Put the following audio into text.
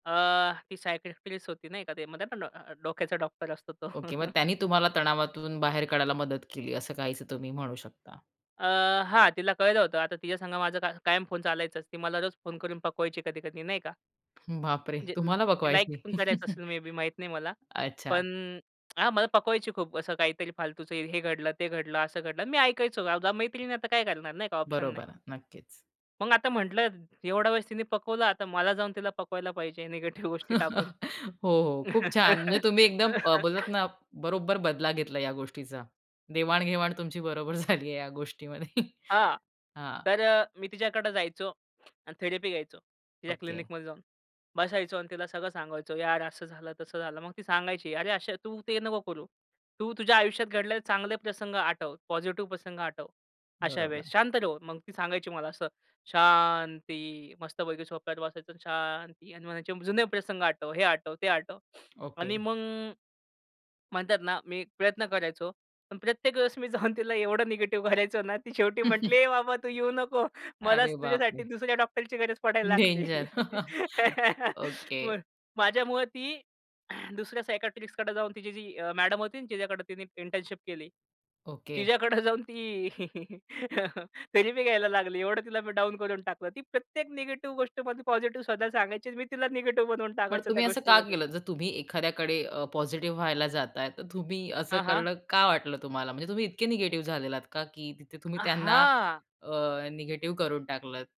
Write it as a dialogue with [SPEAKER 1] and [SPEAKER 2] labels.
[SPEAKER 1] अ, ती सायकियाट्रिस्ट होती नाही का ते म्हणतात ना [unintelligible] अ, डोक्याचा डॉक्टर असतो तो.
[SPEAKER 2] ओके, मग त्यांनी तुम्हाला तणावातून बाहेर काढायला मदत केली असं काहीच तुम्ही म्हणू शकता.
[SPEAKER 1] अ, हां, तिला कळलं होतं. आता तिच्या संग माझा का कायम फोन चालायच. ती मला रोज फोन करून पकवायची कधी-कधी नाही का.
[SPEAKER 2] बापरे,
[SPEAKER 1] म्हणजे,
[SPEAKER 2] तुम्हाला
[SPEAKER 1] ती लाइक
[SPEAKER 2] पकवायची?
[SPEAKER 1] पण करायचं असेल, मे बे माहीत नाही मला.
[SPEAKER 2] अच्छा.
[SPEAKER 1] पण हां, मला पकवायची खूप असं काहीतरी फालतूचं हे घडलं, ते घडलं, असं घडलं अन् मी ऐकायचो कारण की मैत्रीण आहे, आता काय करणार नाही का ऑप्शन नाही.
[SPEAKER 2] बरोबर, नक्कीच.
[SPEAKER 1] मग आता म्हटलं एवढा वेळेस तिने पकवला. आता मला जाऊन तिला पकवायला पाहिजे निगेटिव्ह गोष्टी टाकून.
[SPEAKER 2] हो, हो. खूप छान. म्हणजे तुम्ही एकदम अ, बोलला ना, बरोबर बदला घेतला या गोष्टीचा. देवाण-घेवाण तुमची बरोबर झालीये. या गोष्टीमध्ये.
[SPEAKER 1] हां.
[SPEAKER 2] हां.
[SPEAKER 1] तर अ, मी तिच्याकडे जायचो आणि थेरपी घ्यायचो. तिच्या
[SPEAKER 2] ओके.
[SPEAKER 1] क्लिनिकमध्ये जाऊन बसायचो अन् तिला सगळं सांगायचो, "यार, असं झालं, तसं झालं." मग ती सांगायची, "अरे, अशा तू ते नको करू. तू तुझ्या आयुष्यात घडलेले चांगले प्रसंग आठव. पॉझिटिव्ह प्रसंग आठवं. अशा
[SPEAKER 2] बरोबर.
[SPEAKER 1] वेळेस शांत राहून," मग ती सांगायची मला असं शांती मस्तपैकी सोफ्यावर बसायचं आणि शांती आणि म्हणायचे जुने प्रसंग आठवं, हे आठवं, ते आठवं
[SPEAKER 2] ओके.
[SPEAKER 1] आणि मग म्हणतात ना, मी प्रयत्न करायचो. पण प्रत्येक वेळेस मी जाऊन तिला एवढं निगेटिव्ह करायचो ना, ती शेवटी म्हटली ए बाबा तू येऊ नको. मलाच
[SPEAKER 2] अरे बापरे!
[SPEAKER 1] तुझ्यासाठी दुसऱ्या डॉक्टरची गरज पडायला लागली.
[SPEAKER 2] डेंजर. ओके.
[SPEAKER 1] बरं. माझ्यामुळे ती दुसऱ्या सायकियाट्रिस्टकडे जाऊन तिची जी मॅडम होती ना, जिच्याकडे तिने इंटर्नशिप केली.
[SPEAKER 2] ओके.
[SPEAKER 1] तिच्याकडं जाऊन ती थेरपी घ्यायला लागली एवढं तिला मी डाउन करून टाकलं. ती प्रत्येक निगेटिव्ह गोष्टीमध्ये पॉझिटिव्ह स्वतः सांगायची, मी तिला निगेटिव्ह बनवून
[SPEAKER 2] पण
[SPEAKER 1] टाकायचो त्या
[SPEAKER 2] तुम्ही असं का
[SPEAKER 1] गोष्टीमध्ये.
[SPEAKER 2] केलं? जर तुम्ही एखाद्याकडे अ, पॉझिटिव्ह व्हायला जाताय, तर तुम्ही असं
[SPEAKER 1] हां, हां.
[SPEAKER 2] करणं का वाटलं तुम्हाला, म्हणजे तुम्ही इतके निगेटिव्ह झालेले आहात का की तिथे तुम्ही
[SPEAKER 1] अ,
[SPEAKER 2] त्यांना
[SPEAKER 1] हां.
[SPEAKER 2] अ, निगेटिव्ह करून टाकलत?